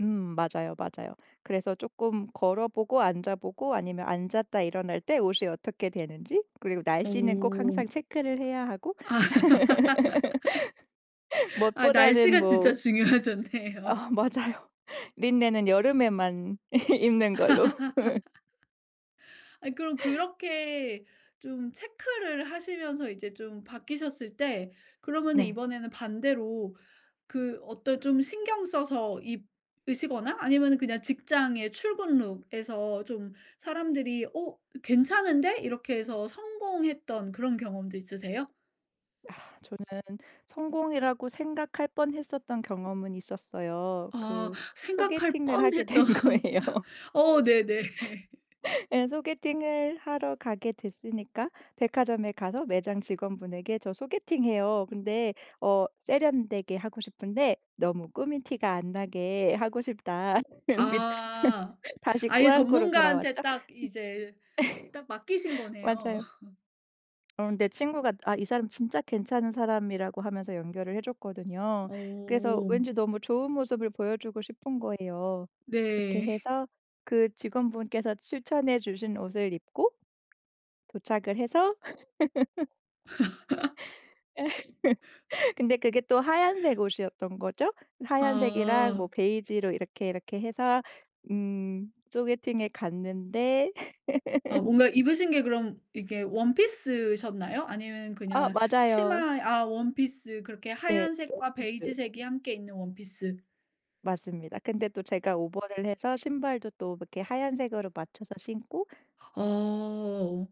음 맞아요, 맞아요. 그래서 쪼끔 걸어 보고 앉아 보고 아니면 앉았다 일어날 때 옷이 어떻게 되는지 그리고 날씨는 꼭 어. 항상 체크를 해야 하고 아 멋보다는 날씨가 진짜 뭐 중요해졌네요. 아 맞아요. 리넨은 여름에만 입는 걸로. 아니 그럼 그렇게 좀 체크를 하시면서 이제 좀 바뀌셨을 때 그러면은 네. 이번에는 반대로 그 어떤 좀 신경 써서 입으시거나 아니면은 그냥 직장의 출근 룩에서 좀 사람들이 "어 괜찮은데?" 이렇게 해서 성공했던 그런 경험도 있으세요? 아 저는 성공이라고 생각할 뻔했었던 경험은 있었어요. 아 그 생각할 소개팅을 하게 된 뻔했던 거예요. 어 네네. 예 소개팅을 하러 가게 됐으니까 백화점에 가서 매장 직원분에게 저 소개팅해요 근데 어 세련되게 하고 싶은데 너무 꾸민 티가 안 나게 하고 싶다. 믿 아. 다시 아예 꾸안꾸로 전문가한테 돌아왔죠. 딱 이제 딱 맡기신 거네요. 맞아요. 어 근데 친구가 아 이 사람 진짜 괜찮은 사람이라고 하면서 연결을 해 줬거든요. 그래서 어. 왠지 너무 좋은 모습을 보여 주고 싶은 거예요. 그렇게 네. 해서 그 직원분께서 추천해 주신 옷을 입고 도착을 해서 근데 그게 또 하얀색 옷이었던 거죠. 하얀색이랑 아. 뭐 베이지로 이렇게, 이렇게 해서 음 소개팅에 갔는데 아 뭔가 입으신 게 그럼 이게 원피스셨나요? 아니면 아 그냥 맞아요. 치마 아 원피스 그렇게 네. 하얀색과 원피스. 베이지색이 함께 있는 원피스. 맞습니다. 근데 또 제가 오버를 해서 신발도 또 뭐 이렇게 하얀색으로 맞춰서 신고 아 오.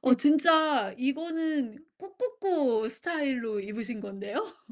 어 진짜 이거는 꾸꾸꾸 스타일로 입으신 건데요?